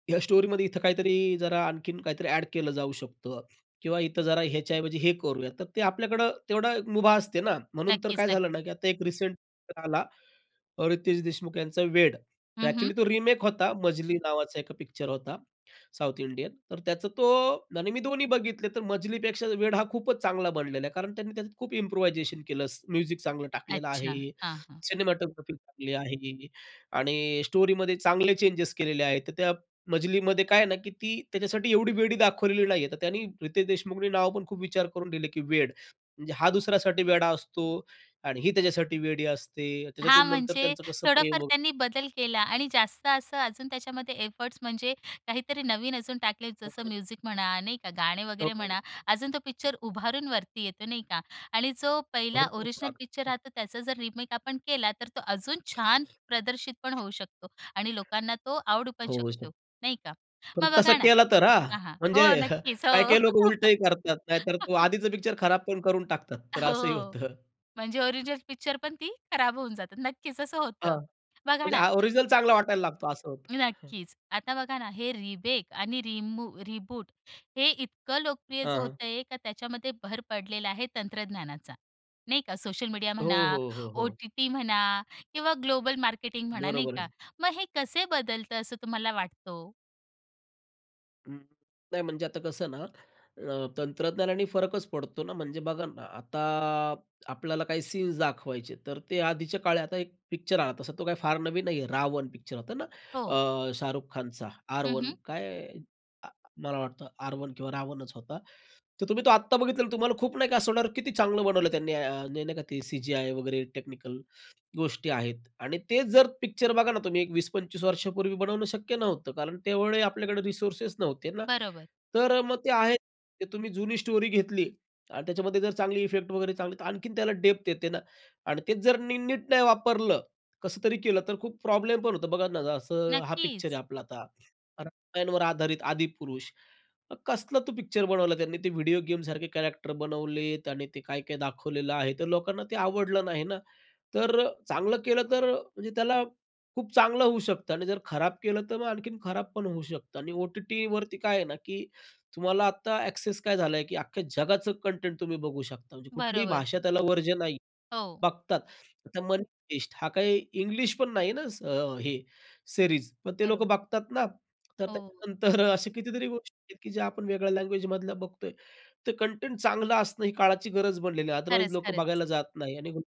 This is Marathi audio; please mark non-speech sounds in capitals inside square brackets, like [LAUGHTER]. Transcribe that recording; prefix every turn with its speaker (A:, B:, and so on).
A: या स्टोरीमध्ये इथं काहीतरी अ, जरा आणखीन काहीतरी ऍड केलं जाऊ शकतं किंवा इथं जरा ह्याच्याऐवजी हे करूया. तर ते आपल्याकडे तेवढं मुभा असते ना म्हणून. तर
B: नक्कीच,
A: काय
B: नक्कीच.
A: झालं ना, की आता एक रिसेंट पिक्चर आला अ, रितेश देशमुख यांचा वेड. तर
B: हं, हं.
A: ऍक्च्युअली तो रिमेक होता. मजली नावाचा एका पिक्चर होता साउथ इंडियन, तर त्याचा तो आणि मी दोन्ही बघितले, तर मजलीपेक्षा वेड हा खूपच चांगला बनलेला आहे कारण त्यांनी त्यात खूप इम्प्रुव्हायझेशन केलं, म्युझिक चांगलं टाकलेलं
B: अच्छा,
A: आहे,
B: हां, हां.
A: सिनेमॅटोग्राफी चांगली टाकली आहे त्यांनी आणि स्टोरीमध्ये चांगले चेंजेस केलेले आहेत. तर त्या मजलीमध्ये काय आहे ना, की ती त्याच्यासाठी एवढी वेडी दाखवलेली नाही आहे. तर त्यांनी रितेश देशमुखनी नाव पण खूप विचार करून दिले, की वेड म्हणजे हा दुसऱ्यासाठी वेडा असतो आणि ही त्याच्यासाठी वेडी असते.
B: हां,
A: त्याच्यातून नंतर
B: म्हणजे
A: त्यांचं कसं
B: थोडाफार
A: प्रेम
B: त्यांनी बदल केला आणि जास्त असं अजून त्याच्यामध्ये एफर्ट्स म्हणजे काहीतरी नवीन अजून टाकले, जसं
A: [UNINTELLIGIBLE]
B: म्युझिक म्हणा, नाही का? गाणे वगैरे म्हणा, अजून तो पिक्चर
A: [UNINTELLIGIBLE]
B: उभारून वरती येतो, नाही का? आणि जो
A: हो,
B: पहिला
A: हो.
B: ओरिजिनल पिक्चर
A: अगदी.
B: राहतो, त्याचा जर रिमेक आपण केला तर तो अजून छान प्रदर्शित पण होऊ शकतो आणि लोकांना तो आवडू पण
A: होऊ
B: शकतो,
A: शकतो.
B: नाही का?
A: पण
B: मग
A: तसा
B: बघा ना
A: केलं तर हां.
B: हां, हां.
A: म्हणजे
B: हो,
A: [CHUCKLES]
B: नक्कीच
A: काही,
B: हो.
A: काही लोकं उलटंही करतात, नाहीतर तो
B: [LAUGHS]
A: आधीच पिक्चर खराब पण करून टाकतात. तर असंही
B: हो,
A: होतं.
B: म्हणजे ओरिजिनल पिक्चर पण ती खराब होऊन जाते. नक्कीच असं होतं.
A: हां.
B: बघा
A: म्हणजे
B: ना.
A: हा, ओरिजिनल चांगला वाटायला लागतो. असं होतं. हं.
B: नक्कीच. आता बघा ना हे रिमेक आणि रिमू रिबूट हे इतकं लोकप्रियच
A: हां,
B: होत
A: हां.
B: आहे का त्याच्यामध्ये भर पडलेला आहे तंत्रज्ञानाचा, नाही का सोशल मीडिया
A: हो,
B: म्हणा,
A: हो, हो, हो.
B: ओ-टी-टी म्हणा किंवा ग्लोबल मार्केटिंग म्हणा नाही
A: बरोबर
B: का.
A: आहे.
B: मग हे कसे बदलतं असं तुम्हाला वाटतं हो?
A: अं, नाही म्हणजे आता कसं ना, अ, तंत्रज्ञानाने फरकच पडतो ना. म्हणजे बघा ना, आता आपल्याला काही सीन्स दाखवायचे तर ते आधीच्या काळी, आता एक पिक्चर आला असा, तो काही फार नवीन नाहीये. रावण पिक्चर होता ना,
B: हो.
A: अ, शाहरुख खानचा आर.
B: हं,
A: वन
B: हं.
A: काय, मला वाटतं आर वन किंवा रावणच होता. तर तुम्ही तो आत्ता बघितलात तर तुम्हाला खूप नाही का, किती चांगलं बनवलं त्यांनी, नाही का. ते अ, सीजीआय वगैरे टेक्निकल गोष्टी आहेत. आणि तो जर पिक्चर बघा ना तुम्ही, एक 20-25 वर्षांपूर्वी बनवणं शक्य नव्हतं कारण तेवढे आपल्याकडे रिसोर्सेस नव्हते ना,
B: बरोबर.
A: तर अ, मग ते आहे. ते तुम्ही जुनी स्टोरी घेतली आणि त्याच्यामध्ये जर चांगले इफेक्ट्स वगैरे दिले, तर आणखीन त्याला डेप्थ येते ना. आणि ते जर नी नीट नाही वापरलं, कसं तरी केलं तर खूप प्रॉब्लेम पण होतो. बघा ना, असं हा पिक्चर आहे
B: नक्कीच.
A: आपला आता रामायणावर आधारित आदिपुरुष. कसला तो पिक्चर बनवला त्यांनी ते व्हिडिओ गेमसारखे कॅरेक्टर बनवलेत आणि ते काय काय दाखवलेलं आहे. तर लोकांना ते आवडलं नाही ना. तर चांगलं केलं तर म्हणजे त्याला खूप चांगलं होऊ शकतं आणि जर खराब केलं तर मग आणखीन खराब पण होऊ शकतं. आणि ओ-टी-टी वरती काय आहे ना, की तुम्हाला आता एक्सेस काय झाला आहे, की अख्ख्या जगाचं कंटेंट तुम्ही बघू शकता. म्हणजे कुठलीही
B: बरोबर.
A: भाषा, त्याला वर्ज्य नाही.
B: हो.
A: बघतात. आता Money Heist हा काही इंग्लिश पण नाही ना, अ, ही सिरीज पण ते लोक
B: बरोबर.
A: बघतात ना? तर
B: हो
A: त्याच्यानंतर अशा कितीतरी गोष्टी आहेत, की ज्या आपण वेगळ्या लँग्वेजमधल्या बघतो आहे. तर कंटेंट चांगलं असणं ही काळाची गरज बनलेली आहे अदरवाईज
B: खरंच,
A: लोकं
B: खरंच.
A: बघायला जात नाहीत आणि